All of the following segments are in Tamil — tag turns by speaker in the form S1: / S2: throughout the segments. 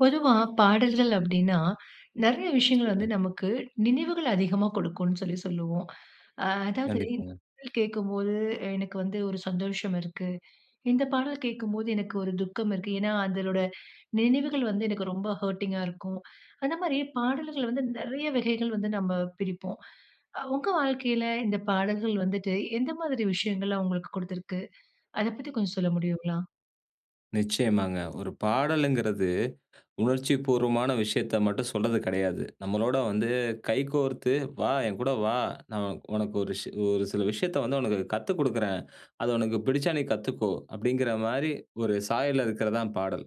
S1: பொதுவா பாடல்கள் அப்டின்னா, நிறைய விஷயங்கள் வந்து
S2: சொல்லுங்க.
S1: நமக்கு நினைவுகள் அதிகமா கொடுக்கும்னு சொல்லி சொல்லுவோம். அ அதாவது, "இந்த
S2: கண்டிப்பாங்க.
S1: பாடல் கேக்கும்போது எனக்கு வந்து ஒரு சந்தோஷம் இருக்கு. இந்த பாடல் கேக்கும்போது எனக்கு ஒரு துக்கம் இருக்கு. ஏன்னா அதலோட நினைவுகள் வந்து எனக்கு ரொம்ப ஹர்டிங்கா இருக்கும்." அந்த மாரி பாடல்கள் வந்து நிறைய வகைகள் வந்து நம்ம பிரிப்போம். அ உங்க வாழ்க்கயில இந்த பாடல்கள் வந்துட்டு, எந்த மாரி விஷயங்கள்லாம் உங்களுக்கு குடுத்திருக்கு? அத பத்தி கொஞ்சம் சொல்ல
S2: [unintelligible]
S1: முடியுங்களா?
S2: நிச்சயமாங்க. ஒரு பாடலுங்குறது உணர்ச்சிபூர்வமான விஷயத்த மட்டும் சொல்றது கிடையாது. நம்மளோட வந்து கைகோர்த்து "வா, என்கூட வா, நான் உனக்கு ஒரு ஒரு சில விஷயத்த வந்து உனக்கு கத்துக்குடுக்குறேன். அது உனக்கு பிடிச்சா நீ கத்துக்கோ" அப்டிங்குற மாரி ஒரு சாயல்ல இருக்கறது தான் பாடல்.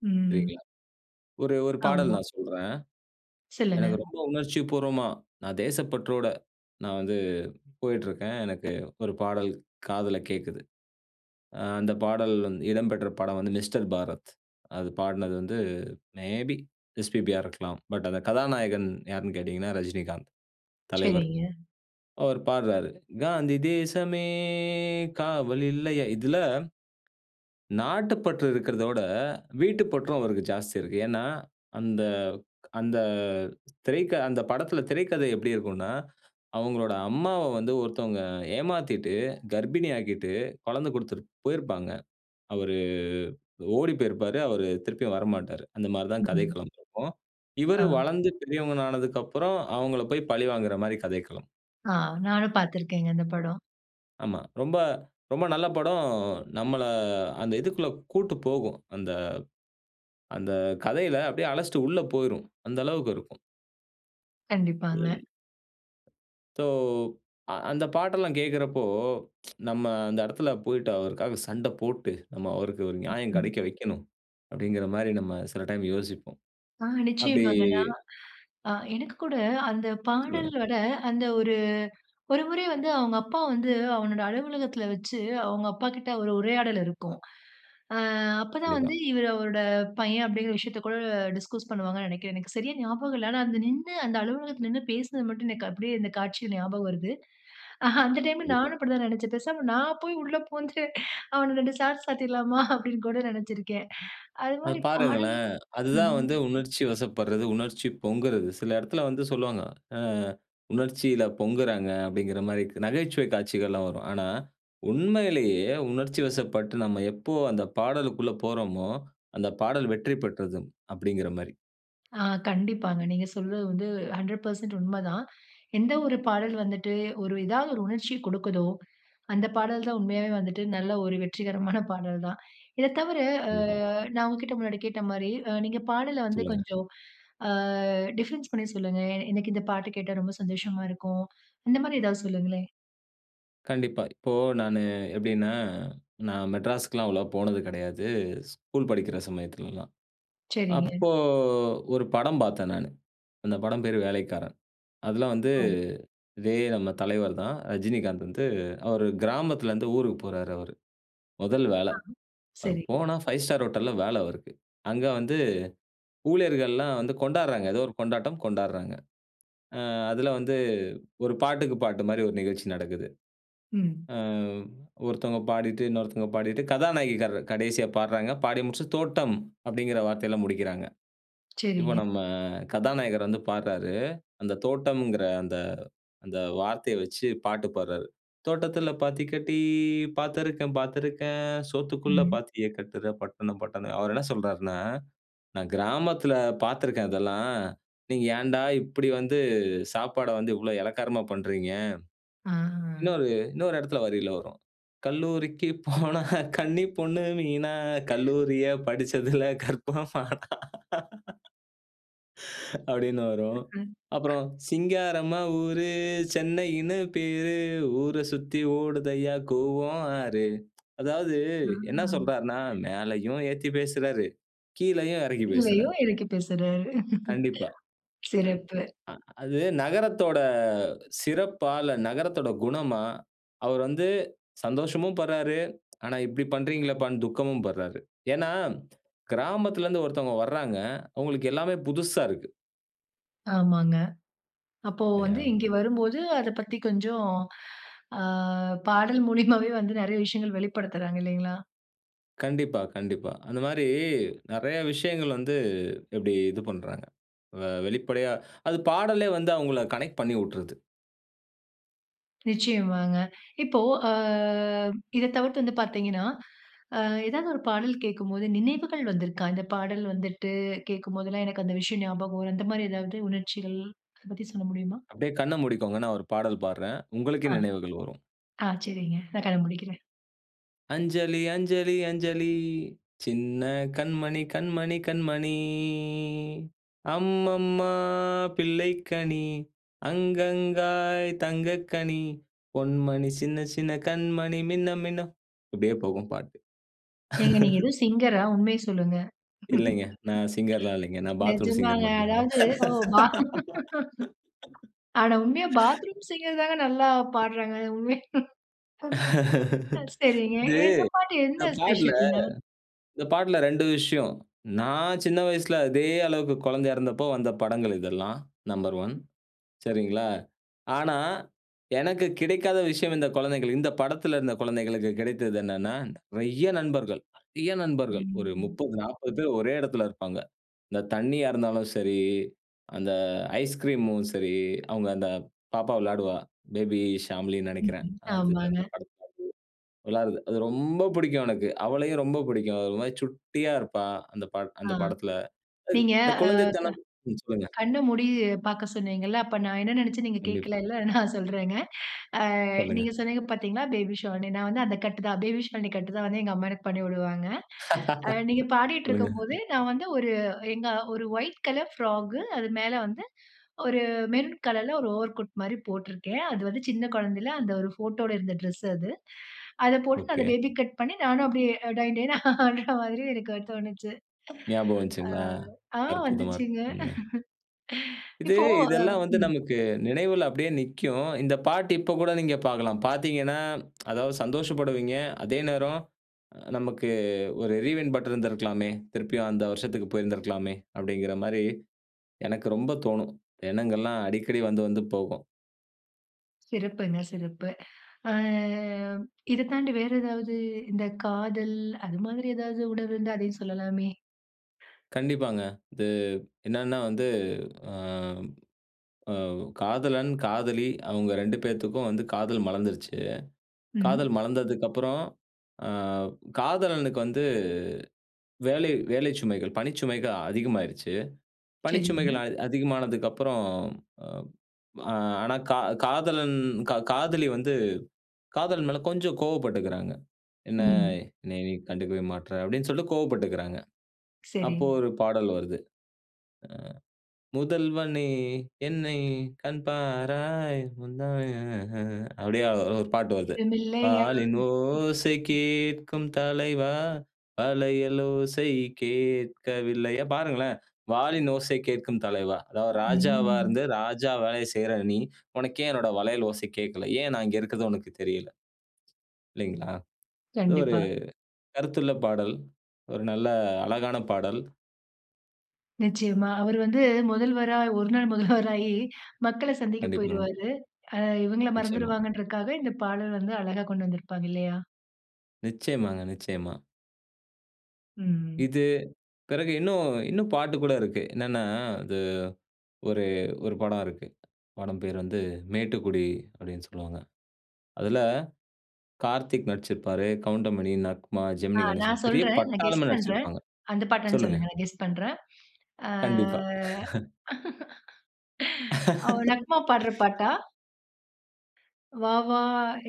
S1: ம்.
S2: சரிங்களா. ஒரு ஒரு பாடல்
S1: ஆமா.
S2: நான் சொல்றேன்.
S1: சொல்லுங்க.
S2: எனக்கு ரொம்ப உணர்ச்சி பூர்வமா, நான் தேசப்பற்றோட நான் வந்து போயிட்ருக்கேன். எனக்கு ஒரு பாடல் காதில கேக்குது. அ அந்த பாடல் இடம் பெற்ற படம் வந்து மிஸ்டர் பாரத். அது பாடினது வந்து மே பி எஸ்பிபியா இருக்கலாம்! பட் அந்த கதாநாயகன் யார்ன்னு கேட்டீங்கன்னா, ரஜினிகாந்த் தலைவர்.
S1: சரிங்க.
S2: அவர் பாடுறாரு. "காந்தி தேசமே காவல் இல்லையா?" இதுல, நாட்டுப்பற்று இருக்கிறத விட, வீட்டுப்பற்றும் அவருக்கு ஜாஸ்தி இருக்கு. ஏன்னா, அந்த அந்த திரைக்கதை, அந்த படத்ல திரைக்கதை எப்டி இருக்குன்னா, அவுங்களோட அம்மாவ வந்து ஒருத்தவங்க ஏமாத்திட்டு, கர்ப்பிணி ஆக்கிட்டு, குழந்தை கொடுத்துட்டு போயிருப்பாங்க. அவரு ஓடி போயிருப்பாரு. அவரு திருப்பியும் வரமாட்டாரு. அந்த மாரி தான்
S1: ம்.
S2: கதைக்களம் இருக்கும். இவரு
S1: ஆ.
S2: வளந்து பெரியவனானதுக்கப்பறம், அவுங்கள போய் பழிவாங்குற மாரி கதைக்களம்.
S1: ஆ நானும் பாத்திருக்கேங்க. இந்த படம்.
S2: ஆமா. ரொம்ப ரொம்ப நல்ல படம் நம்மள அந்த இதுக்குள்ள கூட்டு போகும். அந்த அந்த கதையில அப்பிடியே அழச்சிட்டு உள்ள போயிரும். அந்த அளவுக்கு இருக்கும்.
S1: கண்டிப்பாங்க.
S2: [unintelligible] ஸோ, அ அந்த பாட்டெல்லாம் கேட்கிறப்போ, நம்ம அந்த இடத்துல போயிட்டு அவருக்காக சண்டை போட்டு, நம்ம அவருக்கு ஒரு நியாயம்
S1: ம்ஹ்ம்.
S2: கிடைக்க வைக்கணும். அப்பிடிங்கிறமாரி நம்ம சில டைம் யோசிப்போம்.
S1: ஆ
S2: அப்பிடி
S1: நிச்சயமாங்கண்ணா! அ எனக்கு கூட அந்த
S2: சொல்லுங்க.
S1: பாடலோட அந்த ஒரு ஒரு முறை வந்து அவுங்க அப்பா வந்து அவனோட அலுவலகத்தில வச்சு அவுங்க அப்பாக்கிட்ட ஒரு உரையாடல் இருக்கும். அ அப்ப தான்
S2: கண்டிப்பா.
S1: வந்து இவரு அவரோட பையன் அப்பிடிங்கிற விஷயத்த கூட டிஸ்கஸ் பண்ணுவாங்கன்னு நினைக்கிறேன். எனக்கு சரியா ஞாபகம் இல்ல. ஆனா, அந்த நின்னு அந்த அலுவலகத்தில நின்னு பேசினது மட்டும் எனக்கு அப்பிடியே இந்த காட்சி ஞாபகம் வருது. அ அந்த டைம்ல
S2: கண்டிப்பா.
S1: நானும் அப்பிடிதான் நினைச்சேன். பேசாம நான் போய் உள்ள புகுந்து அவன 2 சாத்து சாத்திடலாமா! அப்பிடின்னு கூட நினைச்சிருக்கேன்.
S2: அது
S1: அதுமாரி பாடலும்
S2: பாருங்களேன், அதுதான்
S1: ம்
S2: வந்து உணர்ச்சிவசப்படுறது, உணர்ச்சி பொங்குறது. சில இடத்தில வந்து சொல்லுவாங்க. ஆ உணர்ச்சியில பொங்குறாங்க அப்பிடிங்கிறமாரி நகைச்சுவை காட்சிகள்லாம் வரும். ஆனா, உண்மையிலேயே உணர்ச்சிவசப்பட்டு நம்ம எப்போ அந்த பாடலுக்குள்ள போறோமோ! அந்த பாடல் வெற்றி பெற்றது, அப்பிடிங்கிறமாரி.
S1: ஆ. கண்டிப்பாங்க. நீங்க சொல்றது வந்து, 100% உண்ம தான். எந்த ஒரு பாடல் வந்துட்டு, ஒரு ஏதாவது ஒரு உணர்ச்சி கொடுக்குதோ, அந்த பாடல் தான் உண்மையாவே வந்துட்டு, நல்ல ஒரு வெற்றிகரமான பாடல் தான். இத தவற, அ
S2: கண்டிப்பா.
S1: நான் உங்ககிட்ட முன்னாடி கேட்ட மாரி, நீங்க பாடல வந்து
S2: சொல்லுங்க.
S1: கொஞ்சம் அ டிஃபரன்ஸ் பண்ணி சொல்லுங்க? எனக்கு இந்த பாட்டு கேட்டா, ரொம்ப சந்தோஷமா இருக்கும். இந்த மாரி ஏதாவது சொல்லுங்களேன்?
S2: கண்டிப்பா. இப்போ, நானு எப்டினா நான் மெட்ராஸ்க்குலாம், அவ்ளவா போனது கெடையாது. ஸ்கூல் படிக்கிற சமயத்துலலாம்.
S1: சரிங்க.
S2: அப்போ ஒரு படம் பாத்தேன், நானு. அந்த படம் பேரு வேலைக்காரன். அதுலா வந்து,
S1: அவ்
S2: இதே நம்ம தலைவர் தான். ரஜினிகாந்த் வந்து அவரு கிராமத்லருந்து ஊருக்கு போறாரு அவரு. மொதல் வேல.
S1: ஆ,
S2: அவரு
S1: சரி.
S2: போனா, ஃபைவ் ஸ்டார் ஹோட்டல்ல வேல அவருக்கு. அங்க வந்து, ஊழியர்கள்லான் வந்து கொண்டாட்றாங்க. ஏதோ ஒரு கொண்டாட்டம். கொண்டாட்றாங்க. ஆ அதில வந்து, ஒரு பாட்டுக்கு பாட்டு மாரி, ஒரு நிகழ்ச்சி நடக்குது.
S1: ம்.
S2: ஆ ஒருத்தவங்க பாடிட்டு, இன்னொருத்தவங்க பாடிட்டு, கதாநாயகி கர் கடைசியா பாட்றாங்க. பாடி முடிச்சுட்டு, "தோட்டம்" அப்டிங்கிற வார்த்தைல, முடிக்கிறாங்க. இப்ப
S1: சரிங்க.
S2: நம்ம, கதாநாயகர் வந்து பாட்றாரு. அந்த தோட்டம்ங்கிற அந்த அந்த வார்த்தைய வச்சு, பாட்டு பாட்றாரு. "தோட்டத்தில பாத்தி கட்டி. பாத்திருக்கேன் பாத்திருக்கேன். சோத்துக்குள்ள
S1: ம்.
S2: பாத்திய கட்டுற பட்டணம், பட்டணம்." அவரு என்ன சொல்றார்னா, "நான் கிராமத்ல பாத்திருக்கேன், அதெல்லாம். நீங்க ஏன்டா, இப்டி வந்து சாப்பாட வந்து, இவ்ளோ எளக்காரமா பண்றீங்க"
S1: ஆஹ.
S2: இன்னொரு இன்னொரு எடத்ல, வரியில வரும். "கல்லூரிக்கு போனா, கன்னி பொண்ணு மீனா, கல்லூரியில படுச்சதுல, கற்பம்மானா" அப்டினு வரும்.
S1: ம், ம்.
S2: அப்றம், "சிங்காரம்மா ஊரு, சென்னையினு பேரு. ஊர சுத்தி ஓடுதய்யா கூவம் ஆறு" அதாவது
S1: ஆ.
S2: என்ன சொல்றார்னா, மேலயும் ஏத்தி பேசுறாரு. கீழயும் எறக்கி
S1: இல்லையோ!
S2: பேசுறாரு.
S1: எறக்கி பேசுறாரு.
S2: கண்டிப்பா. ஜ
S1: சிறப்பு.
S2: அ அது நகரத்தோட சிறப்பா? இல்ல நகரத்தோட குணமா? அவர் வந்து சந்தோஷமும் பட்றாரு. ஆனா இப்டி பண்றீங்களேப்பானு, துக்கமும் பட்றாரு. ஏன்னா, கிராமத்லருந்து ஒருத்தவங்க வர்ராங்க. அவுங்களுக்கு எல்லாமே புதுசா இருக்கு.
S1: ஆமாங்க. அப்போ வந்து
S2: இல்லயா.
S1: இங்க வரும்போது அத பத்தி கொஞ்சம், ஆ பாடல் மூலிமாவே வந்து நிறைய விஷயங்கள் வெளிப்படுத்துறாங்க இல்லேங்களா!
S2: கண்டிப்பா, கண்டிப்பா. அந்தமாரி நிறையா விஷயங்கள் வந்து இப்பிடி இது பண்றாங்க. அ வெளிப்படையா அது பாடலே வந்து அவுங்கள கனெக்ட் பண்ணி விட்றுது.
S1: நிச்சயமாங்க. இப்போ அ இத தவிர்த்து வந்து பார்த்தீங்கன்னா, அ ஏதாவது ஒரு பாடல் கேட்கும்போது நினைவுகள் வந்துருக்கா? "இந்த பாடல் வந்துட்டு கேட்கும்போதுலாம் எனக்கு அந்த விஷயம் ஞாபகம் வரும்." அந்தமாரி எதாவது உணர்ச்சிகள் அத பத்தி சொல்ல முடியுமா?
S2: அப்பிடியே கண்ண மூடிக்கோங்க. நான் ஒரு பாடல் பாடுறேன். உங்களுக்கே
S1: ஆ
S2: நினைவுகள் வரும்.
S1: ஆ சரிங்க நான் கண்ண முடிக்கிறேன்.
S2: அஞ்சலி, அஞ்சலி, அஞ்சலி, சின்ன கண்மணி, கண்மணி, கண்மணி. அம்மம்மா! பிள்ளைக்கனி, அங்கங்காய் தங்கக் கனி. பொன்மணி, சின்ன சின்ன கண்மணி மின்ன மின்ன இப்பிடியே போகும் பாட்டு.
S1: ஏங்க நீங்க ஏதோ சிங்கரா உண்மைய சொல்லுங்க.
S2: இல்லைங்க. நான் சிங்கர்லாம் இல்லேங்க. நான் பாத்ரூம் சிங்கர்
S1: நிஜமாங்க.
S2: மட்டும் தான்ங்க.
S1: அதாவது, ஓ பாத் ஆனா உண்மையா பாத்ரூம் சிங்கர்தாங்க நல்லா பாடுறாங்க. சரிங்க.
S2: இது
S1: இந்த பாட்டு
S2: இந்த
S1: என்ன
S2: பாட்டுல
S1: ஸ்பெஷல்ங்க?
S2: இந்த பாட்டுல 2 விஷயம். நான் சின்ன வயசுல அதே அளவுக்கு குழந்தை இறந்தப்போ! வந்த படங்கள் இதெல்லாம். நம்பர் 1 சரிங்களா? ஆனா, எனக்கு கிடைக்காத விஷயம் இந்தக் குழந்தைகள் இந்த படத்தில இந்த குழந்தைகளுக்கு கிடைத்தது என்னன்னா, நிறைய நண்பர்கள், நிறைய நண்பர்கள். ஒரு
S1: ம்.
S2: 30, 40 பேர் ஒரே இடத்தில இருப்பாங்க. இந்த தண்ணியா இருந்தாலும் சரி, அந்த ஐஸ் கிரீம்மும் சரி, அவுங்க அந்த பாப்பா விளையாடுவா. பேபி ஷாம்லினு நினைக்கிறேன்.
S1: ம்ஹ்ம்.
S2: அது
S1: ஆமாங்க.
S2: அந்த படத்தில அப்பிடியே விளையாடட்றது. அது ரொம்ப பிடிக்கும் எனக்கு. அவளையும் ரொம்ப பிடிக்கும். அது ஒருமாரி சுட்டியா இருப்பா. அந்த ப
S1: ஆ
S2: அந்த படத்தில.
S1: நீங்க,
S2: இந்த
S1: ஆ க
S2: குழந்தைத்தனம் ம் சொல்லுங்க.
S1: கண்ண மூடி பார்க்க சொன்னீங்கல்ல. அப்ப நான் என்ன நினைச்சேன் நீங்க கேட்கல
S2: கண்டிப்பா.
S1: இல்ல. நான் சொல்றேங்க. அ
S2: சொல்லுங்க.
S1: நீங்க சொன்னீங்க பார்த்தீங்களா பேபி ஷாலினி நான் வந்து அந்த கட்டு தான். அப்பிடியே பேபி ஷாலினி கட்டு தான் வந்து எங்க அம்மா எனக்கு பண்ணி விடுவாங்க. அ நீங்க பாடிட்டு
S2: சொல்லுங்க.
S1: இருக்கும்போது, நான் வந்து ஒரு எங்க ஒரு ஒயிட் கலர் ஃப்ராக் அது மேல வந்து ஒரு மெரூன் கலர்ல ஒரு ஓவர் கோட் மாரி போட்டிருக்கேன். அது வந்து சின்ன குழந்தையில அந்த ஒரு ஃபோட்டோட இருந்த ட்ரெஸ் அது. அதை போட்டு அந்த
S2: ஒகே.
S1: பேபி கட் பண்ணி நானும் அப்பிடியே டொயின் டொயின்னு ஆடுறமாரி எனக்கு தோணுச்சு.
S2: ஞாபகம்
S1: அ
S2: வந்துச்சுங்களா!
S1: ஆ
S2: அற்புதமா
S1: வந்துச்சுங்க.
S2: இருக்குங்க. இது,
S1: இப்போ ஆ,
S2: இதெல்லாம் வந்து
S1: ம்.
S2: நமக்கு நினைவுல அப்பிடியே நிக்கும். இந்த பாட்டு இப்ப கூட நீங்க பார்க்கலாம். பார்த்தீங்கன்னா, அதாவது சந்தோஷப்படுவீங்க. அதே நேரம் நமக்கு "ஒரு ரீவைன்ட் பட்டன் இருந்திருக்கலாமே! திருப்பியும் அந்த வருஷத்துக்கு போயிருந்திருக்கலாமே!" அப்பிடிங்கிறமாரி எனக்கு ரொம்ப தோணும். எண்ணங்கள்லாம் அடிக்கடி வந்து வந்து போகும்.
S1: சிறப்புங்க சிறப்பு. ஆ- இத தாண்டி வேற ஏதாவது இந்த காதல் அது மாதிரி எதாவது உணர்வு இருந்தா, அதையும் சொல்லலாமே!
S2: கண்டிப்பாங்க. இது என்ன்னா வந்து ஆ ஆ காதலன், காதலி அவுங்க 2 பேத்துக்கும் வந்து காதல் மலர்ந்துருச்சு. காதல்
S1: ம்.
S2: மலர்ந்ததுக்கப்புறம், ஆ காதலனுக்கு வந்து வேலை வேலை சுமைகள், பணிச்சுமைகள் அதிகமாயிருச்சு. பணிச்சுமைகள்
S1: சரிங்க.
S2: அ அதிகமானதுக்கு அப்புறம் ஆனா கா காதலன், கா காதலி வந்து காதலன் மேல கொஞ்சம் கோவப்பட்டுக்கிறாங்க. என்ன,
S1: ம்.
S2: என்னைய நீ கண்டுக்கவே மாட்ற! அப்பிடின்னு சொல்லி கோவப்பட்டுக்கிறாங்க.
S1: சரி.
S2: அப்போ ஒரு பாடல் வருது. அ. முதல்வனே! என்னை கண்பாராய்! முந்தானை ம்ஹ்ம் அப்பிடியே ஒரு பாட்டு வருது.
S1: ஈரமில்லையா! ம்
S2: வாலின் ஓசை
S1: ம்
S2: கேட்கும் தலைவா! வளையல் ஓசை கேட்கவில்லயா! பாருங்களேன், வாலின் ஓசை கேட்கும் தலைவா! அதாவது ராஜாவா
S1: ம்
S2: இருந்து ராஜா வேலைய செய்றய நீ! உனக்கு ஏன் என்னோட வளையல் ஓச கேட்கல. ஏன் நான் இங்க இருக்கது உனக்கு தெரியல. இல்லேங்களா? இது ஒரு
S1: கண்டிப்பா.
S2: கருத்துள்ள பாடல், ஒரு நல்ல அழகான பாடல்.
S1: நிச்சயமா. அவரு வந்து முதல்வரா, ஒரு நாள் முதல்வராயி மக்கள சந்திக்கப்
S2: கண்டிப்பாங்க.
S1: போயிருவாரு. அ, இவங்கள
S2: நிச்சயமா.
S1: மறந்துருவாங்கன்றக்காக இந்த பாடல் வந்து அழகா கொண்டு வந்திருப்பாங்க. இல்லயா!
S2: நிச்சயமாங்க. நிச்சயமா.
S1: ம்.
S2: இது, பிறகு இன்னும், இன்னும் பாட்டு கூட இருக்கு. என்னென்னா, அது ஒரு, ஒரு படம் இருக்கு. படம் பேரு வந்து "மேட்டுக்குடி", அப்பிடீன்னு சொல்லுவாங்க. அதுல கார்த்திக் நடிச்சிருப்பாரு, கவுண்டமணி, நக்மா,
S1: ஆ,
S2: ஜெமினி
S1: நான்
S2: கணேஷன், பெரிய
S1: சொல்றேன். நான் கெஸ்
S2: பட்டாளமே
S1: பண்ணுறேன்.
S2: நடிச்சிருப்பாங்க.
S1: அந்த பாட்டான்னு
S2: சொல்லுங்க.
S1: சொல்லுங்களேன், நான் கெஸ் பண்றேன் ஆ
S2: கண்டிப்பா
S1: ஓ! நக்மா பாடுற பாட்டா? வா வா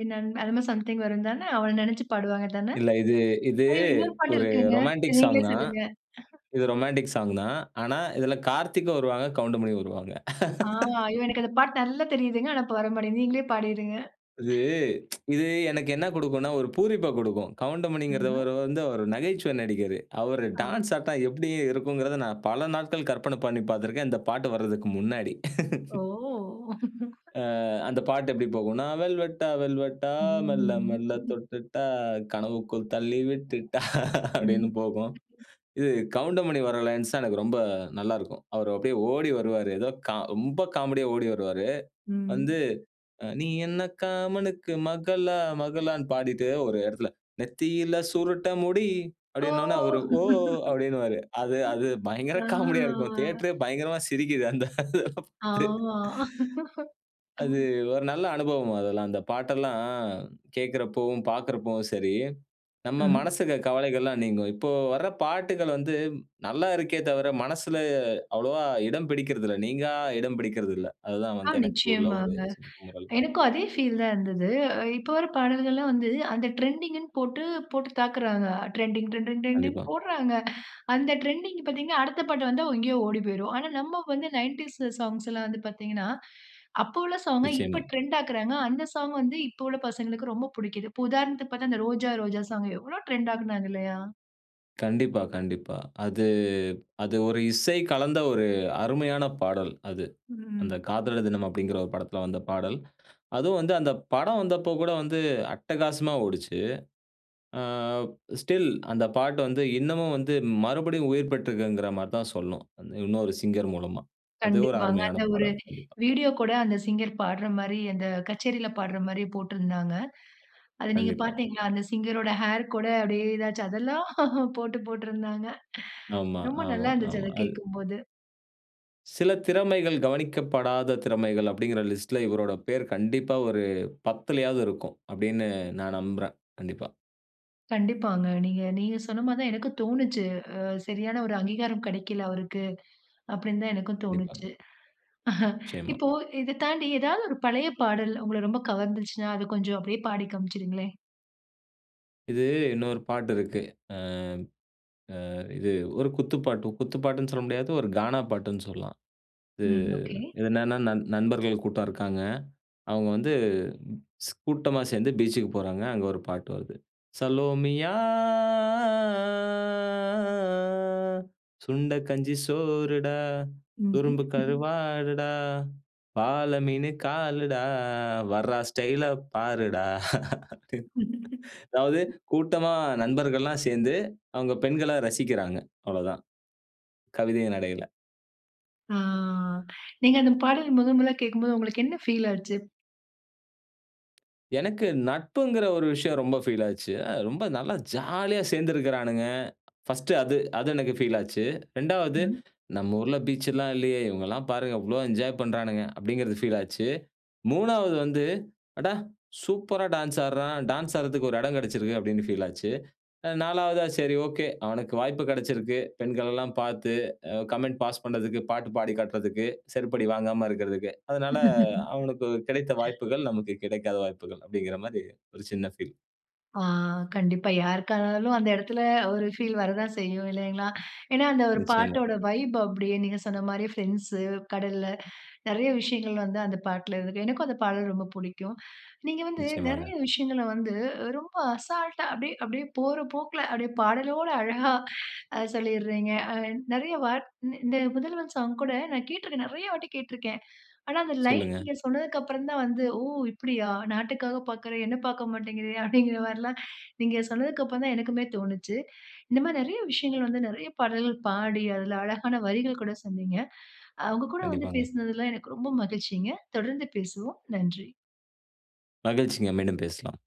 S1: என் அன்பே! அது மாரி சம்திங் வரும் தானே? அவன நினைச்சு பாடுவாங்க தானே?
S2: இல்ல. இது, இது
S1: ஐயோ! இன்னொரு பாட்டு
S2: ஒரு
S1: இருக்குங்க. சரி
S2: ரொமான்டிக் சாங்
S1: நீங்களே
S2: தான்.
S1: சொல்லுங்க
S2: இது ரொமான்டிக் சாங் தான். ஆனா, இதுல கார்த்திக்கும் வருவாங்க, கவுண்டமணியும் வருவாங்க
S1: ஆமா. ஐயோ! எனக்கு அந்த பாட்டு நல்லா தெரியுதுங்க. ஆனா, இப்ப வரமாட்டேங்கிது. நீங்களே பாடிருங்க.
S2: இது இது எனக்கு என்ன குடுக்குன்னா, ஒரு பூரிப்ப குடுக்கும். கவுண்டமணிங்கிற
S1: ஆஹா!
S2: அவரு வந்து அவரு நகைச்சுவை நடிகரு. அவரு
S1: ஆ.
S2: டான்ஸ்ஸா தான் எப்பிடி இருக்குங்கிறத நான் பல நாட்கள் கற்பனை பண்ணி பார்த்திருக்கேன். இந்த பாட்டு வர்றதுக்கு முன்னாடி
S1: ஓ!
S2: ஆ, அந்த பாட்டு எப்பிடி போகுன்னா வெல்வெட்டா, வெல்வெடா, மெல்ல
S1: ம்
S2: மெல்லத் தொட்டுட்டா, கனவுக்குள் தள்ளி விட்டுட்டா அப்பிடீன்னு
S1: ம்
S2: போகும். இது கவுண்டமணி வர்ற லைன்ஸ் தான் எனக்கு ரொம்ப நல்லாருக்கும். அவரு அப்பிடியே ஓடி வருவாரு. ஏதோ கா ரொம்ப காமெடியா ஓடி வருவாரு.
S1: ம்.
S2: வந்து அ நீ என்ன காமனுக்கு மகளா? மகளான்னு பாடிட்டு, ஒரு இடத்துல நெத்தியில சுருட்ட முடி
S1: ஓ!
S2: அப்பிடீனவுனே, அவரு ஓ அப்பிடீன்னுவாரு. அது,
S1: ம்.
S2: அது பயங்கர
S1: ஆ
S2: காமெடியா இருக்கும் தியேட்ரே பயங்கரமா சிரிக்கிது அந்த இத பாத்து
S1: ஆமா
S2: அது
S1: ம்.
S2: ஒரு நல்ல அனுபவம் அதெல்லாம். அந்த பாட்டெல்லாம் கேட்குறப்பவும், பார்க்குறப்பவும் சரி, நம்ம
S1: ம்.
S2: மனசுல இருக்க கவலைகள்லாம் நீங்கும். இப்போ வர்ற பாட்டுகள் வந்து நல்லா இருக்கே தவிர, மனசுல அவ்வளவா இடம் பிடிக்கிறதில்ல. நீங்கா இடம் பிடிக்கிறதில்ல. அதுதான்
S1: ஆ,
S2: வந்து எனக்கு உள்ள ஒரு
S1: நிச்சயமாங்க.
S2: சின்ன குமுறல்கள்.
S1: எனக்கும் அதே ஃபீல் தான் இருந்தது. இப்போ வர்ற பாடல்கள்லாம் வந்து, அந்த ட்ரெண்டிங்ன்னு போட்டு, போட்டு தாக்குறாங்க. ட்ரெண்டிங், ட்ரெண்டிங், ட்ரெண்டிங்னு
S2: கண்டிப்பா.
S1: போட்றாங்க. அந்த ட்ரெண்டிங் பார்த்தீங்கன்னா, அடுத்த பாட்டு வந்தா [unintelligible] எங்கயோ ஓடி போயிரும். ஆனா, நம்ம வந்து 90ஸ் சாங்ஸ்லாம் வந்து பார்த்தீங்கன்னா, அப்ப உள்ள சாங்க, இப்ப
S2: நிச்சயமா.
S1: ட்ரெண்ட் ஆக்குறாங்க. அந்த சாங் வந்து இப்போ உள்ள பசங்களுக்கு ரொம்ப புடிக்கிது. இப்போ உதாரணத்துக்கு பார்த்தா, அந்த ரோஜா, ரோஜா சாங் எவ்ளோ ட்ரெண்ட் ஆக்குனாங்க. இல்லயா!
S2: கண்டிப்பா கண்டிப்பா. அது அது ஒரு இசை கலந்த ஒரு அருமையான பாடல் அது. அந்த
S1: ம்.
S2: காதலர் தினம் அப்டிங்கிற ஒரு படத்ல வந்த பாடல். அதுவும் வந்து, அந்த படம் வந்தப்போ கூட, வந்து அட்டகாசமா ஓடுச்சு. ஆ ஸ்டில் அந்த பாட்டு வந்து, இன்னமும் வந்து மறுபடியும் உயிர் பெற்ருக்குங்ற மாரி தான் சொல்லணும். அந்த இன்னொரு சிங்கர் மூலமா. அது ஒரு
S1: கண்டிப்பாங்க.
S2: அருமையான
S1: அந்த ஒரு
S2: பாடல் கண்டிப்பா.
S1: வீடியோ கூட அந்த சிங்கர் பாடுற மாரி, அந்த கச்சேரில பாடுற மாரி போட்ருந்தாங்க. அத நீங்க
S2: கண்டிப்பா.
S1: பார்த்தீங்களா? அந்த சிங்கர் ரோட ஹேர் கூட அப்டியே ஏதாச்சும் அதெல்லாம் போட்டு போட்ருந்தாங்க.
S2: ஆமா
S1: ரொம்ப
S2: ஆமா
S1: நல்லாருந்துச்சு
S2: ஆமா.
S1: அத
S2: அது
S1: கேக்கும்போது.
S2: சில திறமைகள், கவனிக்கப்படாத திறமைகள் அப்டிங்கிற லிஸ்ட்ல, இவரோட பேர் கண்டிப்பா ஒரு 10லையாவது இருக்கும். அப்டின்னு நான் நம்புறேன். கண்டிப்பா.
S1: கண்டிப்பாங்க நீங்க நீங்க சொன்ன மாதிரி தான் எனக்கும் தோனுச்சு. அ "சரியான ஒரு அங்கீகாரம் கெடைக்கல அவருக்கு" அப்டின்னு தான் எனக்கும்
S2: கண்டிப்பாங்க.
S1: தோனுச்சு.
S2: நிச்சயமா.
S1: இப்போ இத தாண்டி ஏதாவது ஒரு பழைய பாடல், உங்கள ரொம்ப கவர்ந்துச்சுன்னா, அத கொஞ்சம் அப்டியே பாடிக் காண்பிச்சுருங்ளேன்.
S2: இது இன்னொரு பாட்டு இருக்கு. ஆ அ இது ஒரு குத்துப்பாட்டு, குத்து பாட்டுன்னு சொல்ல முடியாது. ஒரு கானா பாட்டுன்னு சொல்லலாம். இது
S1: ம் ஒகே.
S2: என்னென்ன, நண் நண்பர்கள் கூட்டம் இருக்காங்க. அவுங்க வந்து கூட்டமா சேந்து பீச்சுக்கு போறாங்க. அங்க ஒரு பாட்டு வருது. சலோமியா, சுண்டக் கஞ்சி சோறுடா,
S1: ம்ஹ்ம்.
S2: சுதும்பு கருவாடுடா, வாழ மீனு காலுடா வர்றா ஸ்டைல பாருடா. அது அதாவது
S1: ம்.
S2: கூட்டமா நண்பர்கள்லாம் சேந்து, அவுங்க பெண்கள ரசிக்கிறாங்க. அவ்ளதான். கவிதைய நடைல.
S1: ஆ நீங்க அந்த பாடல் முதன் முதலா கேக்கும்போது உங்களுக்கு என்ன ஃபீல் ஆச்சு?
S2: எனக்கு நட்புங்கிற ஒரு விஷயம் ரொம்ப ஃபீல் ஆச்சு. அ, ரொம்ப நல்லா ஜாலியா சேர்ந்திருக்குறானுங்க. ஃபர்ஸ்ட் அது, அது எனக்கு ஃபீல் ஆச்சு. 2 வது
S1: ம்.
S2: நம்ம ஊர்ல பீச் எல்லாம் இல்லயே! இவுங்கல்லாம் பாருங்க இவ்ளோ என்ஜாய் பண்றானுங்க. அப்பிடிங்கிறது ஃபீல் ஆச்சு. 3 வது வந்து, அட! சூப்பரா டான்ஸ் ஆட்றான். டான்ஸ் ஆடுறதுக்கு ஒரு இடம் கிடைச்சிருக்கு அப்பிடின்னு ஃபீல் ஆச்சு. அ, 4 வதா சரி ஒகே. அவனுக்கு வாய்ப்பு கிடைச்சிருக்கு. பெண்கள் எல்லாம் பார்த்து அ கமெண்ட் பாஸ் பண்ணதுக்கு, பாட்டு பாடி காட்றதுக்கு, செருப்படி வாங்காம இருக்கிறதுக்கு. அதனால அவனுக்கு கிடைத்த வாய்ப்புகள், நமக்கு கிடைக்காத வாய்ப்புகள் அப்பிடிங்கிற மாரி ஒரு சின்ன ஃபீல்.
S1: ஆ, கண்டிப்பா யாருக்கா இருந்தாலும் அந்த இடத்தில ஒரு ஃபீல் வரதான் செய்யும் இல்லேங்களா! ஏனா, அந்த ஒரு
S2: நிச்சயமா.
S1: பாட்டோட வைப் அப்பிடியே நீங்க சொன்னமாரியே ஃபிரெண்ட்ஸ்ஸூ, கடல்ல நிறைய விஷயங்கள் வந்து அந்த பாட்டுல இருக்கு. எனக்கும் அந்த பாடல் ரொம்ப புடிக்கும். நீங்க வந்து, நிறைய
S2: நிச்சயமாங்க.
S1: விஷயங்கள வந்து ரொம்ப அசால்ட்டா, அப்பிடியே, அப்டியே போற போக்கில அப்பிடியே பாடலோடு அழகா அ, சொல்லிறீங்க. அ, நிறைய வா இந்த, இந்த "முதல்வன்" சாங் கூட நான் கேட்டிருக்கேன், நிறையா வாட்டி கேட்டிருக்கேன் ஆனா, அந்த லைன்
S2: சொல்லுங்க.
S1: நீங்க சொன்னதுக்கு அப்புறம் தான் வந்து, ஓ! இப்பிடியா நாட்டுக்காக பார்க்கிற என்ன பார்க்க மாட்டேங்கிறயா அப்பிடிங்கற மாரிலாம் நீங்க சொன்னதுக்கு அப்புறம் தான் எனக்குமே தோணுச்சு இந்தமாரி நிறைய விஷயங்கள் வந்து நிறைய பாடல்கள் பாடி, அதில அழகான வரிகள் கூட சொன்னீங்க அ, உங்ககூட வந்து
S2: கண்டிப்பாங்க.
S1: பேசினதுல எனக்கு ரொம்ப மகிழ்ச்சிங்க! தொடர்ந்து பேசுவோம். நன்றி.
S2: மகிழ்ச்சிங்க! மீண்டும் பேசலாம்.